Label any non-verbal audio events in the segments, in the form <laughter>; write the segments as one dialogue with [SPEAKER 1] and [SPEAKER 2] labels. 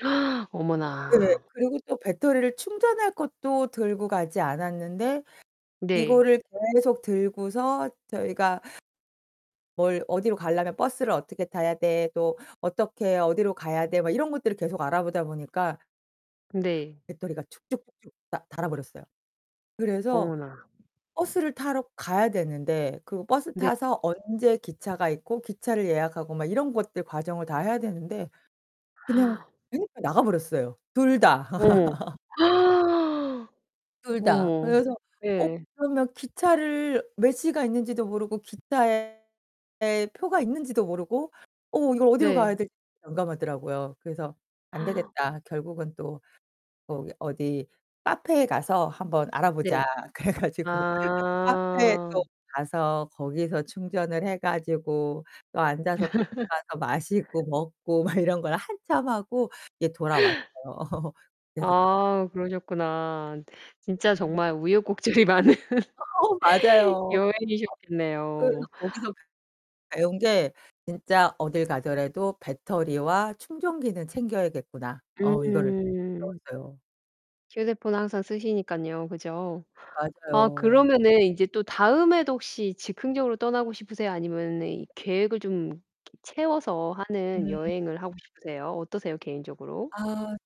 [SPEAKER 1] <gasps>
[SPEAKER 2] 네네.
[SPEAKER 1] 어머나.
[SPEAKER 2] 그리고 또 배터리를 충전할 것도 들고 가지 않았는데
[SPEAKER 1] 네.
[SPEAKER 2] 이거를 계속 들고서 저희가 '뭘 어디로 가려면 버스를 어떻게 타야 돼? 또 어떻게 어디로 가야 돼?' 막 이런 것들을 계속 알아보다 보니까
[SPEAKER 1] 네.
[SPEAKER 2] 배터리가 쭉쭉쭉쭉 다 닳아 버렸어요. 그래서
[SPEAKER 1] 어머나.
[SPEAKER 2] 버스를 타러 가야 되는데 그 버스
[SPEAKER 1] 네.
[SPEAKER 2] 타서 언제 기차가 있고 기차를 예약하고 막 이런 것들 과정을 다 해야 되는데 그냥
[SPEAKER 1] <gasps>
[SPEAKER 2] 핸드폰이 나가버렸어요 둘 다.
[SPEAKER 1] 어머.
[SPEAKER 2] <laughs>
[SPEAKER 1] <gasps>
[SPEAKER 2] 둘 다.
[SPEAKER 1] 어머.
[SPEAKER 2] 그래서 어
[SPEAKER 1] 예.
[SPEAKER 2] 그러면 기차를 몇 시가 있는지도 모르고 기차에 표가 있는지도 모르고 어 이걸 어디로 가야
[SPEAKER 1] 네.
[SPEAKER 2] 될지 난감하더라고요. 그래서 '안
[SPEAKER 1] <gasps>
[SPEAKER 2] 되겠다. 결국은 또 거기 어디 카페에 가서 한번 알아보자.'
[SPEAKER 1] 네.
[SPEAKER 2] 그래 가지고 <laughs> 카페에 또
[SPEAKER 1] 아.
[SPEAKER 2] 가서 거기서 충전을 해 가지고 또 앉아서 <unintelligible> 가서
[SPEAKER 1] <laughs>
[SPEAKER 2] 마시고 먹고 막 이런 걸 한참 하고 이렇게 돌아왔어요. <laughs>
[SPEAKER 1] 아 그러셨구나. 진짜
[SPEAKER 2] 음.
[SPEAKER 1] 정말 우여곡절이 많은
[SPEAKER 2] 어
[SPEAKER 1] <laughs>
[SPEAKER 2] 맞아요. <unintelligible> 그래서
[SPEAKER 1] 여행이셨겠네요.
[SPEAKER 2] 거기서 배운 게 '진짜 어딜 가더라도 배터리와 충전기는 챙겨야겠구나.' 어 이거를
[SPEAKER 1] 음.
[SPEAKER 2] 배웠어요.
[SPEAKER 1] 휴대폰을 항상 쓰시니깐요, 그죠? 아
[SPEAKER 2] 맞아요.
[SPEAKER 1] 그러면은 이제 또 다음에도 혹시 즉흥적으로 떠나고 싶으세요? 아니면은 이 계획을 좀 <unintelligible> 채워서 하는
[SPEAKER 2] 음.
[SPEAKER 1] 여행을 하고 싶으세요? 어떠세요, 개인적으로?
[SPEAKER 2] 아.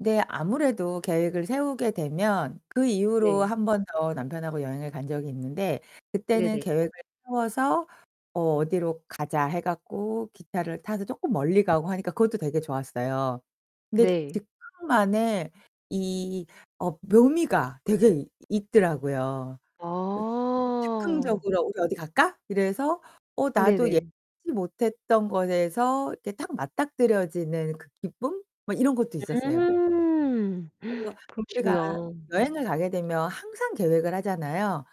[SPEAKER 2] 네 아무래도 계획을 세우게 되면 그 이후로
[SPEAKER 1] 네.
[SPEAKER 2] 1 번 더 남편하고 여행을 간 적이 있는데 그때는
[SPEAKER 1] 네네.
[SPEAKER 2] 계획을 세워서 어 '어디로 가자.' 해 갖고 기차를 타서 쪼끔 멀리 가고 하니까 그것도 되게 좋았어요. 근데
[SPEAKER 1] 네.
[SPEAKER 2] 즉흥만의 이 어 묘미가 되게 있더라고요. 그
[SPEAKER 1] 아
[SPEAKER 2] 즉흥적으로 "우리 어디 갈까?" 이래서 어 나도
[SPEAKER 1] 네네.
[SPEAKER 2] 예상치 못했던 것에서 이렇게 딱 맞닥뜨려지는 그 기쁨? 뭐 이런 것도 있었어요.
[SPEAKER 1] 음.
[SPEAKER 2] 그래서
[SPEAKER 1] <gasps>
[SPEAKER 2] 우리가
[SPEAKER 1] 그러시구나.
[SPEAKER 2] 여행을 가게 되면 항상 계획을 하잖아요?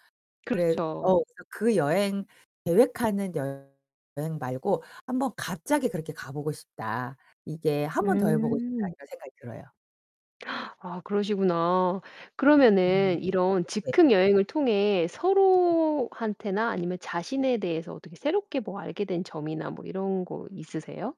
[SPEAKER 2] 그래 어
[SPEAKER 1] 그렇죠.
[SPEAKER 2] 그래서 그 여행 계획하는 여 여행 말고 한번 '갑자기 그렇게 가 보고 싶다. 이게 1 번 더 해 보고 싶다.'
[SPEAKER 1] 음
[SPEAKER 2] 이런 생각이 들어요.
[SPEAKER 1] <gasps> 아 그러시구나. 그러면은
[SPEAKER 2] 네.
[SPEAKER 1] 이런
[SPEAKER 2] 네.
[SPEAKER 1] 즉흥 여행을 통해
[SPEAKER 2] 네.
[SPEAKER 1] 서로한테나 아니면 자신에 대해서 어떻게 새롭게 뭐 알게 된 점이나 뭐 이런 거 있으세요?